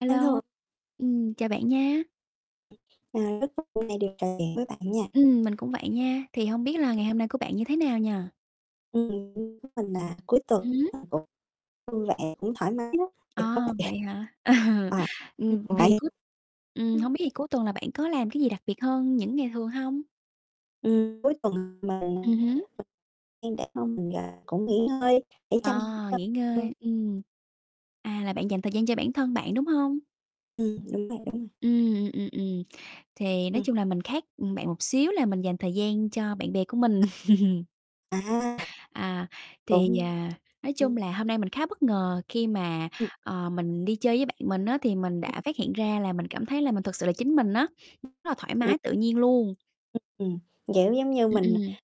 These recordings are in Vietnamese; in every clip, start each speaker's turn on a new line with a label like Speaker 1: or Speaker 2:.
Speaker 1: A
Speaker 2: A
Speaker 1: lô,
Speaker 2: lô.
Speaker 1: ừm, chào bạn nha.
Speaker 2: Ờ, rất vui hôm nay được trò chuyện với bạn nha.
Speaker 1: Ừm, mình cũng vậy nha, thì hông biết là ngày hôm nay của bạn như thế nào nhỉ?
Speaker 2: Ừm, ưm, với mình là cuối
Speaker 1: Ừm
Speaker 2: tuần
Speaker 1: hứm.
Speaker 2: mình cũng vui vẻ cũng thoải mái lắm.
Speaker 1: Ờ, vậy hả? Ừ,
Speaker 2: [unintelligible] Ờ,
Speaker 1: ừm,
Speaker 2: ưm, bạn
Speaker 1: thì cuối ừm, hông biết
Speaker 2: ưm.
Speaker 1: thì cuối tuần là bạn có làm cái gì đặc biệt hơn những ngày thường hông?
Speaker 2: Ừm, cuối tuần mình
Speaker 1: Ừm hứm.
Speaker 2: [unintelligible] cũng nghỉ ngơi để chăm sóc
Speaker 1: À,
Speaker 2: cho bản
Speaker 1: nghỉ
Speaker 2: thân.
Speaker 1: ngơi, ừm. À, là bạn dành thời gian cho bản thân bạn, đúng hông?
Speaker 2: Ừm, đúng rồi, đúng rồi.
Speaker 1: Ưm, ừm, ừm, thì nói chung là
Speaker 2: Ừm.
Speaker 1: mình khác, ừm, bạn một xíu là mình dành thời gian cho bạn bè của mình.
Speaker 2: À. À,
Speaker 1: À, thì,
Speaker 2: đúng,
Speaker 1: à, nói chung là
Speaker 2: ừm
Speaker 1: hôm nay mình khá bất ngờ khi mà,
Speaker 2: Ừm.
Speaker 1: ờ, mình đi chơi với bạn mình á, thì mình
Speaker 2: Ừm.
Speaker 1: đã phát hiện ra là mình cảm thấy là mình thực sự là chính mình á, rất là thoải
Speaker 2: Ừm.
Speaker 1: mái tự nhiên luôn.
Speaker 2: Ừm, kiểu, giống như
Speaker 1: Ừm,
Speaker 2: mình
Speaker 1: ừm.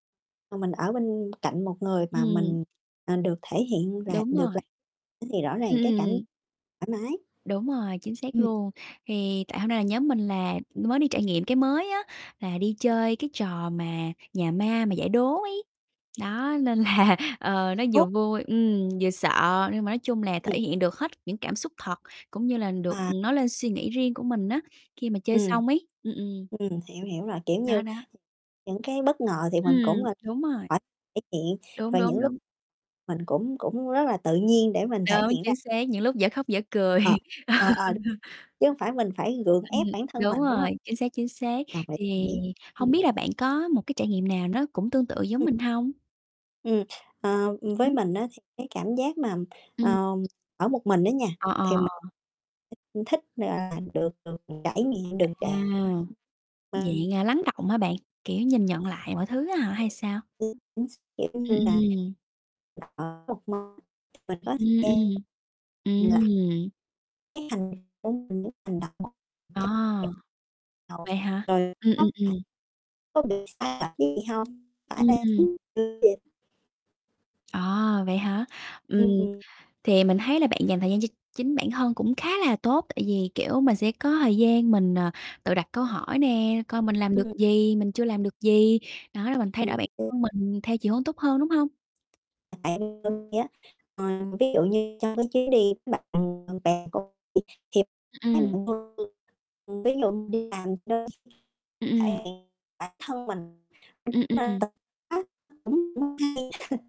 Speaker 2: mà mình ở bên cạnh một người mà
Speaker 1: Ừm.
Speaker 2: mình, à, được thể hiện là
Speaker 1: Đúng
Speaker 2: được
Speaker 1: rồi.
Speaker 2: làm thế thì rõ
Speaker 1: Ừm,
Speaker 2: ràng cái cảm
Speaker 1: ừm.
Speaker 2: thoải mái.
Speaker 1: Đúng rồi, chính xác
Speaker 2: Ừm.
Speaker 1: luôn. Thì tại hôm nay là nhóm mình là mới đi trải nghiệm cái mới á, là đi chơi cái trò mà nhà ma mà giải đố ấy. Đó, nên là, ờ, nó vừa
Speaker 2: [unintelligible]
Speaker 1: vui, ừm, vừa sợ nhưng mà nói chung là
Speaker 2: Ừm.
Speaker 1: thể hiện được hết những cảm xúc thật cũng như là được,
Speaker 2: À.
Speaker 1: ừm, nói lên suy nghĩ riêng của mình á, khi mà chơi
Speaker 2: Ừm.
Speaker 1: xong ấy, ừm, ừm.
Speaker 2: Ừm, hiểu, hiểu rồi, kiểu
Speaker 1: Đó,
Speaker 2: như,
Speaker 1: đó.
Speaker 2: những cái bất ngờ thì mình cũng,
Speaker 1: Ừm,
Speaker 2: ơ,
Speaker 1: đúng rồi.
Speaker 2: phải thể hiện
Speaker 1: Đúng,
Speaker 2: rồi những
Speaker 1: đúng,
Speaker 2: lúc
Speaker 1: đúng.
Speaker 2: mình cũng cũng rất là tự nhiên để mình thể
Speaker 1: Đúng,
Speaker 2: hiện ra.
Speaker 1: chính xác, những lúc dở khóc dở cười,
Speaker 2: Ờ, ờ, ờ, đ
Speaker 1: ừ.
Speaker 2: chứ hông phải mình phải gượng
Speaker 1: Ừm,
Speaker 2: ép bản thân
Speaker 1: đúng
Speaker 2: mình, đúng hông?
Speaker 1: rồi, chính xác, chính xác.
Speaker 2: Đồng ý, đồng
Speaker 1: Thì
Speaker 2: ý, ừm.
Speaker 1: hông biết là bạn có một cái trải nghiệm nào nó cũng tương tự giống
Speaker 2: Ừm.
Speaker 1: mình hông?
Speaker 2: Ừm, ờ,
Speaker 1: Ừm
Speaker 2: ưm, với
Speaker 1: hứm.
Speaker 2: mình á thì cái cảm giác mà,
Speaker 1: Ừm.
Speaker 2: ơ, ở một mình á nha
Speaker 1: Ờ, ờ,
Speaker 2: thì mình,
Speaker 1: ờ.
Speaker 2: ưm, thích, gọi là, được được trải nghiệm, đừng tr
Speaker 1: À,
Speaker 2: mà
Speaker 1: dạng, à, lắng đọng hả bạn, kiểu, nhìn nhận lại mọi thứ á hả hay sao?
Speaker 2: Ừm, chính x kiểu như
Speaker 1: Ừm,
Speaker 2: là,
Speaker 1: ừm.
Speaker 2: đặt, ờ, 1 món mình có thời
Speaker 1: Ừm, ừm,
Speaker 2: gian lặt
Speaker 1: ừm.
Speaker 2: Cái hành công mình những hành động.
Speaker 1: À, vậy hả? Ừm, ừm,
Speaker 2: [unintelligible]
Speaker 1: ừm.
Speaker 2: Có bị sai lệch cái gì hông? Thỏa đáng
Speaker 1: Ừm.
Speaker 2: về
Speaker 1: À, vậy hả? Ừm,
Speaker 2: Ưm, ừm.
Speaker 1: thì mình thấy là bạn dành thời gian cho chính bản thân cũng khá là tốt tại vì, kiểu, mình sẽ có thời gian mình, à, tự đặt câu hỏi nè, coi mình làm được
Speaker 2: Ừm.
Speaker 1: gì, mình chưa làm được gì, đó rồi mình thay đổi bản
Speaker 2: [unintelligible]
Speaker 1: thân mình theo chiều hướng tốt hơn, đúng hông?
Speaker 2: [unintelligible] Ờ, ví dụ như trong cái chuyến đi bạn bè của bị thì [unintelligible]
Speaker 1: Ừm, ừm.
Speaker 2: ừm, ví dụ như làm đơn
Speaker 1: Ừm, ừm.
Speaker 2: thể hiện bản thân mình
Speaker 1: Ừm, ừm.
Speaker 2: [unintelligible] cũng không hay.